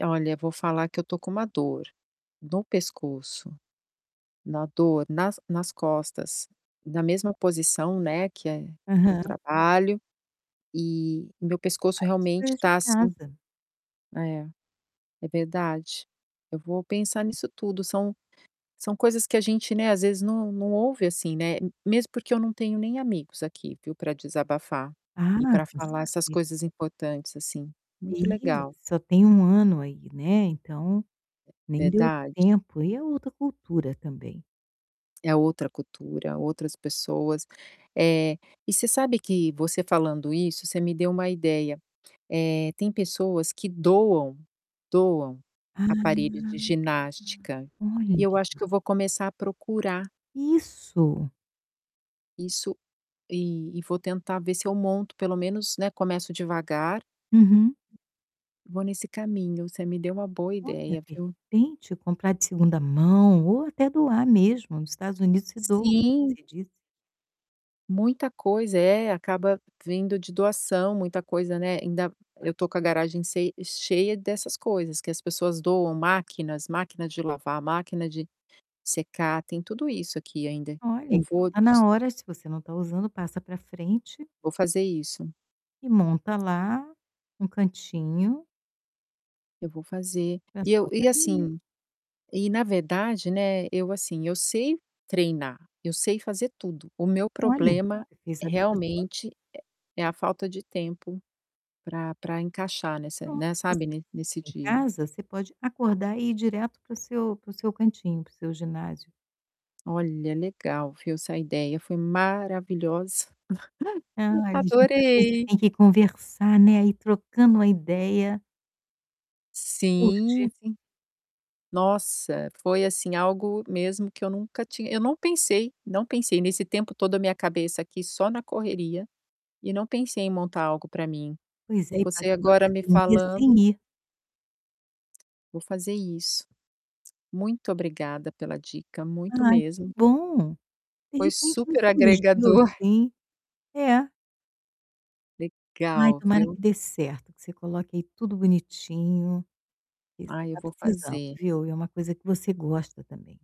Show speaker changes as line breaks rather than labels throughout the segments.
Olha vou falar que eu estou com uma dor no pescoço, uma dor nas nas costas, na mesma posição, né, que é que eu
Aham.
trabalho, e meu pescoço
Faz as
realmente
coisas de
tá, assim
casa.
É, é verdade. Eu vou pensar nisso tudo. São são coisas que a gente, né, às vezes não não ouve assim, né. Mesmo porque eu não tenho nem amigos aqui, viu, para desabafar,
Ah,
e para
com
falar essas
certeza.
coisas importantes, assim. Muito
Sim.
legal.
Só tem 1 ano aí, né, então nem deu
Verdade.
tempo. E é outra cultura também.
É outra cultura, outras pessoas. Eh, e você sabe que, você falando isso, você me deu uma ideia. Eh, tem pessoas que doam, doam
Ah.
aparelho de ginástica.
Olha.
E eu acho que eu vou começar a procurar.
Isso.
Isso. E e vou tentar ver se eu monto pelo menos, né, começo devagar.
Uhum.
Vou nesse caminho, você me deu uma boa
Olha,
ideia,
de
viu.
repente comprar de 2º mão ou até doar mesmo. Nos Estados Unidos se doa, como
Sim.
você disse.
Muita coisa. É, acaba vindo de doação. Muita coisa, né, ainda eu estou com a garagem sei cheia dessas coisas que as pessoas doam, máquinas, máquina de lavar, máquina de secar. Tem tudo isso aqui ainda.
Olha,
Eu
então
vou
tá
des
na hora. Se você não está usando, passa para frente
Vou fazer isso.
e monta lá, um cantinho
Eu vou fazer.
para
E eu
sua
e
academia.
assim e na verdade, né, eu assim, eu sei treinar, eu sei fazer tudo. O meu
Olha,
problema
você fez a vida toda.
realmente é é a falta de tempo pra pra encaixar nessa,
Pronto.
né,
Se você
sabe, ne
fizer
nesse
exercicio em
dia.
casa, você pode acordar e ir direto para o seu para o seu cantinho, para o seu ginásio.
Olha, legal, viu, essa ideia foi maravilhosa.
Ai, ali a gente às vezes
Adorei.
tem que conversar, né, ir trocando uma ideia Curtir.
Sim, sim. Nossa, foi, assim, algo mesmo que eu nunca tinha eu não pensei, não pensei. Nesse tempo todo a minha cabeça aqui só na correria, e não pensei em montar algo para mim.
Pois
E
é, e
você
pagando
agora me
academia sem
falando
ir.
Vou fazer isso. Muito obrigada pela dica, muito
Ai, que
mesmo.
bom. De
Foi
repente me
super
surgiu
agregador.
assim é. Ai,
Legal,
tomara
viu.
que dê certo, que você coloque aí tudo bonitinho, porque você
Ai, eu
está
vou
precisando,
fazer.
viu. E é uma coisa que você gosta também.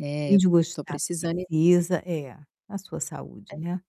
É
Além
eu
de
estou
gostar
precisando ir
precisa é, a sua saúde,
É.
né.